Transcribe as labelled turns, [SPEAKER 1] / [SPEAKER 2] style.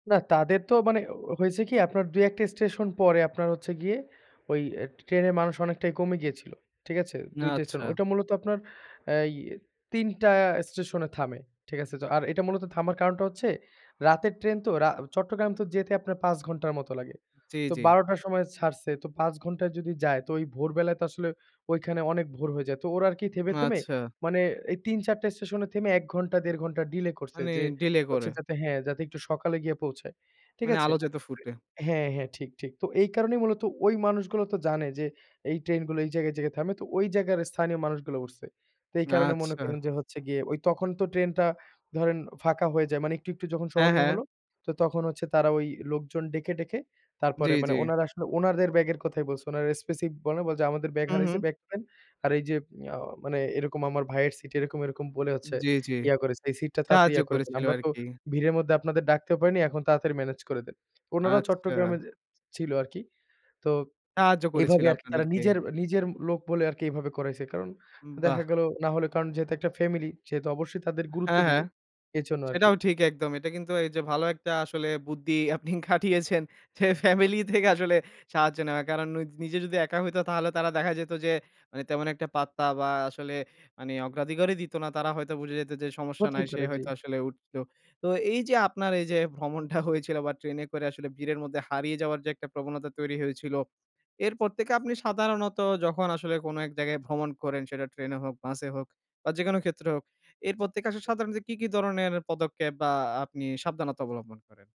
[SPEAKER 1] না, তাদের তো মানে হয়েছে কি আপনার ২-১টা স্টেশন পরে আপনার হচ্ছে গিয়ে ওই ট্রেনের মানুষ অনেকটাই কমে গিয়েছিল, ঠিক আছে? ২টা স্টেশন।
[SPEAKER 2] আচ্ছা।
[SPEAKER 1] ঐটা মূলত আপনার এই ৩টা স্টেশনে থামে, ঠিক আছে? আর এটা মূলত থামার কারণটা হচ্ছে রাতের ট্রেন তো, রা চট্টগ্রাম তো যেতে আপনার ৫ ঘন্টার মত লাগে।
[SPEAKER 2] জি,
[SPEAKER 1] তো
[SPEAKER 2] জি।
[SPEAKER 1] ১২ টার সময় ছাড়ছে। তো, ৫ ঘন্টায় যদি যায় তো ভোরবেলায় তো আসলে ঐখানে অনেক ভোর হয়ে যায়। তো ওরা আরকি থেমে, থেমে
[SPEAKER 2] আচ্ছা।
[SPEAKER 1] মানে এই ৩-৪ টা স্টেশনে থেমে ১ ঘন্টা ১.৫ঘন্টা ডিলে করছে।
[SPEAKER 2] মানে
[SPEAKER 1] যে,
[SPEAKER 2] ডিলে করে।
[SPEAKER 1] হচ্ছে যাতে হ্যাঁ, যাতে একটু সকালে গিয়ে পৌঁছায়, ঠিক
[SPEAKER 2] মানে
[SPEAKER 1] আছে?
[SPEAKER 2] আলো যাতে ফুটে।
[SPEAKER 1] হ্যাঁ, হ্যাঁ, ঠিক, ঠিক। তো এই কারণেই মূলত ওই মানুষগুলো তো জানে, যে, এই ট্রেনগুলো এই জায়গায় জেগে থামে। তো ওই জায়গায় স্থানীয় মানুষগুলো উঠছে। তো এই কারণে মনে
[SPEAKER 2] আচ্ছা।
[SPEAKER 1] করেন যে, হচ্ছে গিয়ে তখন তো ট্রেনটা ধরেন ফাঁকা হয়ে যায়। মানে একটু, একটু, যখন
[SPEAKER 2] হ্যাঁ,
[SPEAKER 1] সহনীয়
[SPEAKER 2] হ্যাঁ।
[SPEAKER 1] হলো, তো তখন হচ্ছে তারা ওই লোকজন ডেকে, ডেকে,
[SPEAKER 2] জি,
[SPEAKER 1] তারপরে
[SPEAKER 2] জি।
[SPEAKER 1] মানে, উনারা আসলে উনারদের ব্যাগের কথাই বলছে। ওনারা এস্পেসি বলেনাই, বলে যে, আমাদের ব্যাগ
[SPEAKER 2] হু,
[SPEAKER 1] হারাইছে,
[SPEAKER 2] হুম।
[SPEAKER 1] ব্যাগ দেন। আর এই যে, আ মানে এরকম আমার ভাইয়ের সিট এরকম, এরকম, বলে হচ্ছে
[SPEAKER 2] জি, জি,
[SPEAKER 1] ইয়া করেছে এই সিটটা তাড়াতাড়ি
[SPEAKER 2] সাহায্য
[SPEAKER 1] ইয়া করে দেন।
[SPEAKER 2] করেছিল
[SPEAKER 1] আমরা
[SPEAKER 2] আর
[SPEAKER 1] তো
[SPEAKER 2] কি।
[SPEAKER 1] ভিড়ের মধ্যে আপনাদের ডাকতেও পারিনি। এখন তাড়াতাড়ি মেনেজ করে দেন। উনারাও
[SPEAKER 2] আচ্ছা।
[SPEAKER 1] চট্টগ্রামে ছিল আরকি। তো
[SPEAKER 2] সাহায্য করেছিল
[SPEAKER 1] এভাবে আরকি তারা
[SPEAKER 2] আপনাদেরকে।
[SPEAKER 1] নিজের, নিজের লোক বলে আরকি এভাবে করাইছে। কারণ
[SPEAKER 2] বাহ!
[SPEAKER 1] দেখা গেল না হলে কারণ যেহেতু একটা ফ্যামিলি সেহেতু অবশ্যই তাদের গুরুত্ব
[SPEAKER 2] হ্যাঁ,
[SPEAKER 1] দিবে।
[SPEAKER 2] হ্যাঁ।
[SPEAKER 1] এজন্য আরকি।
[SPEAKER 2] সেটাও ঠিক একদম। এটা কিন্তু এই যে, ভালো একটা আসলে বুদ্ধি আপনি খাটিয়েছেন। যে, ফ্যামিলি থেকে আসলে সাহায্য নেয়া। কারণ নিজে যদি একা হইতো তাহলে তারা দেখা যেত যে, তেমন একটা পাত্তা বা আসলে মানে অগ্রাধিকারই দিত না। তারা হয়তো বুঝে যেত যে, সমস্যা
[SPEAKER 1] হতেই
[SPEAKER 2] নাই। সে
[SPEAKER 1] পারে, জি।
[SPEAKER 2] হয়তো আসলে উঠলো। তো এই যে, আপনার এই যে, ভ্রমণটা হয়েছিল বা ট্রেনে করে আসলে ভিড়ের মধ্যে হারিয়ে যাওয়ার যে, একটা প্রবণতা তৈরি হয়েছিল, এরপর থেকে আপনি সাধারণত যখন আসলে কোন এক জায়গায় ভ্রমণ করেন সেটা ট্রেনে হোক, বাসে হোক, বা যেকোন ক্ষেত্রে হোক এর প্রত্যেকে আসলে সাধারণত কি, কি, ধরনের পদক্ষেপ, বা আপনি সাবধানতা অবলম্বন করেন?